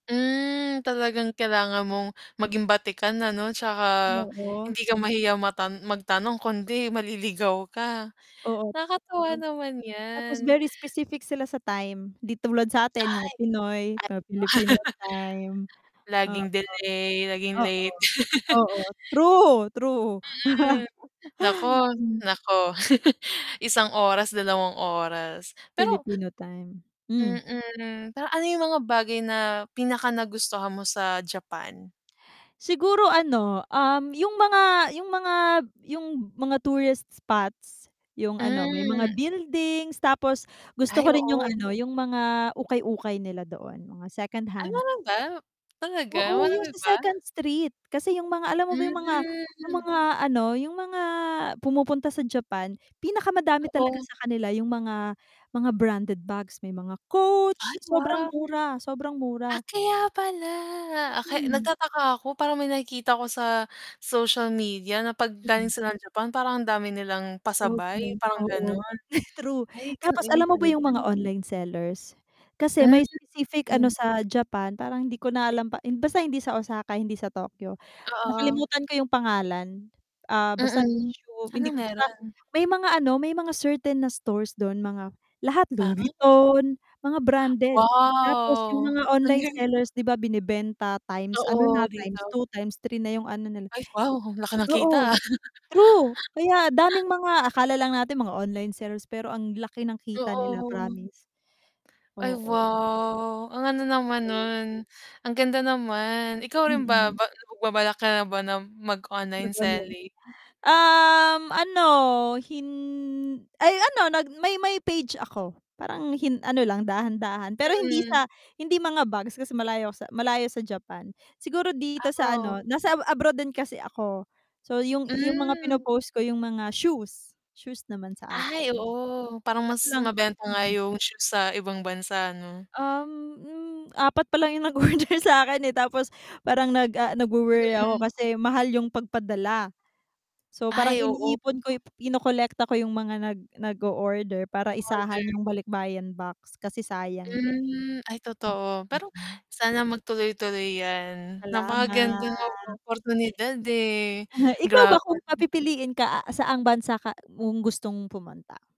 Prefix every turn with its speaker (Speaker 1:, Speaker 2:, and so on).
Speaker 1: Mm, talagang kailangan mong maging batikan, ano, tsaka
Speaker 2: Oo.
Speaker 1: hindi ka mahiya mata magtanong kundi maliligaw ka
Speaker 2: Oo,
Speaker 1: nakakatuwa
Speaker 2: [unintelligible]
Speaker 1: naman
Speaker 2: tapos
Speaker 1: yan.
Speaker 2: very specific sila sa time, di tulad sa'tin mga Pinoy,
Speaker 1: Ay ganun ba.
Speaker 2: mga Pilipino time. Oo,
Speaker 1: Laging delay, laging
Speaker 2: oo,
Speaker 1: late.
Speaker 2: oo. True! True.
Speaker 1: Mm, naku,
Speaker 2: Mm.
Speaker 1: naku, isang oras, dalawang oras pero
Speaker 2: Pilipino time, hmm.
Speaker 1: Mm, pero ano yung mga bagay na pinakanagustuhan mo sa Japan?
Speaker 2: Siguro ano, um, yung mga yung mga yung mga tourist spots, yung ano, may mga
Speaker 1: Hmm.
Speaker 2: buildings tapos gusto
Speaker 1: Ay
Speaker 2: ko rin yung
Speaker 1: oo.
Speaker 2: ano, yung mga ukay-ukay nila doon, mga
Speaker 1: Ay
Speaker 2: secondhand.
Speaker 1: meron ba? Talaga
Speaker 2: Oo, yung
Speaker 1: marami ba?
Speaker 2: sa second street, kasi yung mga alam mo ba yung mga yung
Speaker 1: Hmm.
Speaker 2: mga ano, yung mga pumupunta sa Japan, pinakamadami talaga
Speaker 1: Oo.
Speaker 2: sa kanila yung mga mga branded bags. May mga Coach.
Speaker 1: Ay
Speaker 2: Sobrang
Speaker 1: wow!
Speaker 2: mura, sobrang
Speaker 1: Ah,
Speaker 2: mura.
Speaker 1: kaya pala! Ah, kay
Speaker 2: Mm.
Speaker 1: nagtataka ako parang may nakikita ko sa social media na 'pag galing
Speaker 2: Mm.
Speaker 1: sila ng Japan parang ang dami nilang
Speaker 2: Oo
Speaker 1: pasabay,
Speaker 2: naman.
Speaker 1: parang
Speaker 2: Oo,
Speaker 1: ganon,
Speaker 2: true.
Speaker 1: ay ganu
Speaker 2: Tapos
Speaker 1: iyon
Speaker 2: alam mo ba
Speaker 1: pala.
Speaker 2: yung mga online sellers, kasi
Speaker 1: Hmm,
Speaker 2: may specific ano
Speaker 1: hmm.
Speaker 2: sa Japan parang hindi ko na alam pa basta hindi sa Osaka, hindi sa Tokyo
Speaker 1: Oo.
Speaker 2: nakalimutan ko yung pangalan, ah, basta
Speaker 1: Mm, ano
Speaker 2: hindi basta,
Speaker 1: meron?
Speaker 2: may mga ano, may mga certain na stores dun mga lahat Louis
Speaker 1: Ah.
Speaker 2: Vuitton mga branded, tapos yung
Speaker 1: Wow!
Speaker 2: mga
Speaker 1: Ang
Speaker 2: online
Speaker 1: galing.
Speaker 2: sellers, di ba, binebenta times ano na,
Speaker 1: Oo
Speaker 2: times
Speaker 1: dito.
Speaker 2: two, x3 na yung ano nila.
Speaker 1: Ay wow, ang laki na kita ah.
Speaker 2: Oo true, kaya daming mga akala lang natin mga online sellers pero ang laki ng kita nila
Speaker 1: Oo.
Speaker 2: promise.
Speaker 1: Ay
Speaker 2: Oo.
Speaker 1: wow! Ang ano naman nun, ang ganda naman. Ikaw rin ba
Speaker 2: Mm.
Speaker 1: magbabalak ka na ba ng mag-online
Speaker 2: [unintelligible]
Speaker 1: selling?
Speaker 2: Um, ano hin ay ano nag may may page ako parang hin ano lang dahan-dahan pero hindi
Speaker 1: Mm.
Speaker 2: sa hindi mga bags kasi malayo sa malayo sa Japan. Siguro dito
Speaker 1: Ah,
Speaker 2: sa
Speaker 1: oh.
Speaker 2: ano nasa abroad din kasi ako. So yung yung mga
Speaker 1: Hmm.
Speaker 2: pinopost ko yung mga shoes. Shoes naman sa akin.
Speaker 1: Ay oo, parang
Speaker 2: Kaso
Speaker 1: mas
Speaker 2: lang
Speaker 1: mabenta nga yung shoes sa ibang bansa ano?
Speaker 2: Uhm, hmm, 4 palang yung nag-order sa'kin eh tapos parang nag, ah, nagwo-worry ako
Speaker 1: Mm.
Speaker 2: kasi mahal yung pagpadala. So parang
Speaker 1: Ay oo.
Speaker 2: iniipon ko kinukolekta ko yung mga nag nag-order para isahan
Speaker 1: Order.
Speaker 2: yung balikbayan box kasi sayang din.
Speaker 1: Mm, ay totoo. Pero
Speaker 2: Mm.
Speaker 1: sana magtuloy-tuloy yan,
Speaker 2: Salamat.
Speaker 1: napakagandang oportunidad eh,
Speaker 2: Aha, ikaw ba kung
Speaker 1: grabe.
Speaker 2: papipiliin ka, saan bansa ka, mong gustong pumunta?